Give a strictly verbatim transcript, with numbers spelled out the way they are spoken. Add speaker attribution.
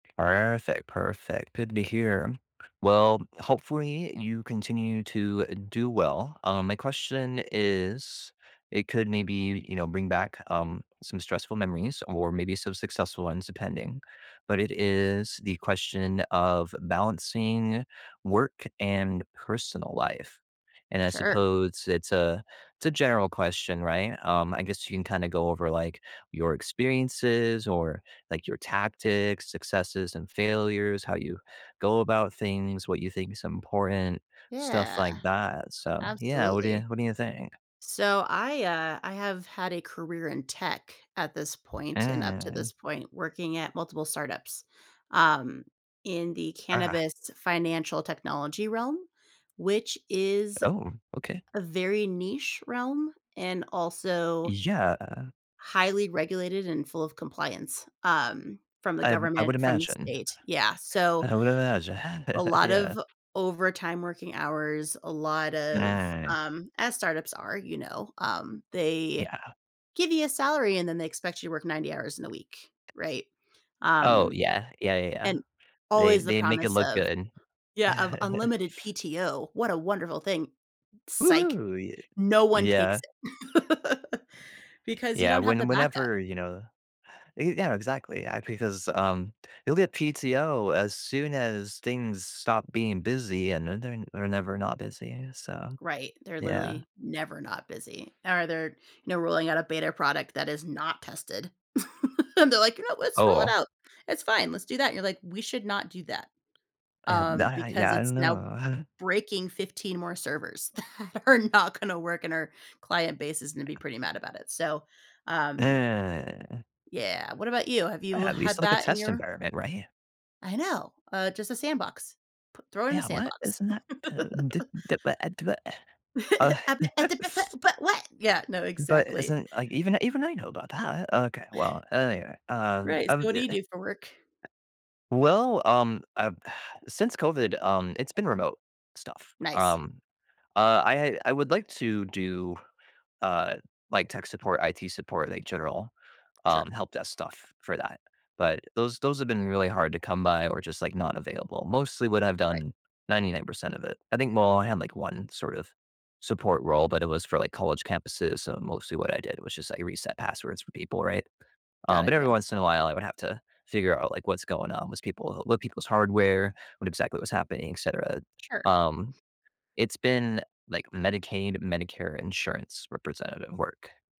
Speaker 1: Perfect, perfect, good to hear. Well, hopefully, you continue to do well, um, my question is it could maybe, you know, bring back, um, some stressful memories or maybe some successful ones depending, but it is the question of balancing work and personal life. And, I
Speaker 2: Sure.
Speaker 1: suppose it's a it's a general question, right, um I guess you can kinda go over, like, your experiences or, like, your tactics, successes, and failures, how you go about things, what you think’s important, stuff
Speaker 2: Yeah.
Speaker 1: like that, so Yeah, what do you
Speaker 2: Absolutely.
Speaker 1: what do you think?
Speaker 2: So I, uh, I have had a career in tech at this point and up to this
Speaker 1: Mm.
Speaker 2: point working at multiple startups, um, in the
Speaker 1: Ah.
Speaker 2: cannabis financial technology realm, which is
Speaker 1: Oh, okay.
Speaker 2: a very niche realm and also
Speaker 1: Yeah.
Speaker 2: highly regulated and full of compliance, um, from the
Speaker 1: I I would
Speaker 2: government, from the
Speaker 1: imagine.
Speaker 2: state. Yeah, so
Speaker 1: I would imagine,
Speaker 2: a lot
Speaker 1: yeah.
Speaker 2: of overtime working hours, a lot of,
Speaker 1: Mm.
Speaker 2: um as startups are, you know, um, they
Speaker 1: Yeah.
Speaker 2: give you a salary and then they expect you to work ninety hours in a week, right?
Speaker 1: Oh,
Speaker 2: Um
Speaker 1: yeah, yeah, yeah, yeah.
Speaker 2: and
Speaker 1: They
Speaker 2: always the
Speaker 1: they make it
Speaker 2: promise
Speaker 1: look
Speaker 2: of
Speaker 1: good.
Speaker 2: Yeah, of unlimited PTO, what a wonderful thing psych,
Speaker 1: Woo-hoo! Y
Speaker 2: no one takes
Speaker 1: Yeah.
Speaker 2: it because you
Speaker 1: Yeah,
Speaker 2: don't have the
Speaker 1: when
Speaker 2: backup.
Speaker 1: whenever, you know Ye yeah, exactly, a because, um, you'll get PTO as soon as things stop being busy, and I know they're not they're never not busy, so
Speaker 2: Right, they're
Speaker 1: Yeah.
Speaker 2: literally never not busy, or they're, you know, rolling out a beta product that is not tested. And they're like, "Yeah, let's roll it
Speaker 1: Oh.
Speaker 2: out. It's fine, let's do that," and you're like, "We should not do that,
Speaker 1: I have
Speaker 2: um,
Speaker 1: that I
Speaker 2: because
Speaker 1: yeah, I
Speaker 2: it's
Speaker 1: don't
Speaker 2: now
Speaker 1: know.
Speaker 2: breaking fifteen more servers that are not gonna work, and our client base is gonna be pretty mad about it," so, um
Speaker 1: Eh.
Speaker 2: Yeah, what about you? Have you
Speaker 1: At
Speaker 2: had
Speaker 1: least, like, a
Speaker 2: that in
Speaker 1: test
Speaker 2: your
Speaker 1: environment, right?
Speaker 2: I know, uh, just a sandbox. Pu throw it in a
Speaker 1: Yeah what,
Speaker 2: sandbox.
Speaker 1: isn't that
Speaker 2: But what, yeah, no,
Speaker 1: But
Speaker 2: exactly.
Speaker 1: isn't like even even I know about that okay, well, anyway, um
Speaker 2: Right,
Speaker 1: um
Speaker 2: so what
Speaker 1: i
Speaker 2: do you
Speaker 1: eh
Speaker 2: do for work?
Speaker 1: Well, um, I since COVID, um, it's been remote stuff,
Speaker 2: Nice.
Speaker 1: um, uh, I I would like to do, uh, like, tech support, IT support, like, general, um,
Speaker 2: Sure.
Speaker 1: help-desk stuff for that. But those those have been really hard to come by or just, like, not available mostly what I've
Speaker 2: Right.
Speaker 1: done, ninety-nine percent of it I think, well, I had, like, one sort of support role, but it was for, like, college campuses, so mostly what I did was just, like, reset passwords for people, right? Um,
Speaker 2: Got it,
Speaker 1: but every
Speaker 2: yeah.
Speaker 1: once in a while, I would have to figure out, like, what's going on was people load people's hardware, what exactly was happening, etcetera,
Speaker 2: Sure.
Speaker 1: um, it's been, like, Medicaid, Medicare insurance representative work.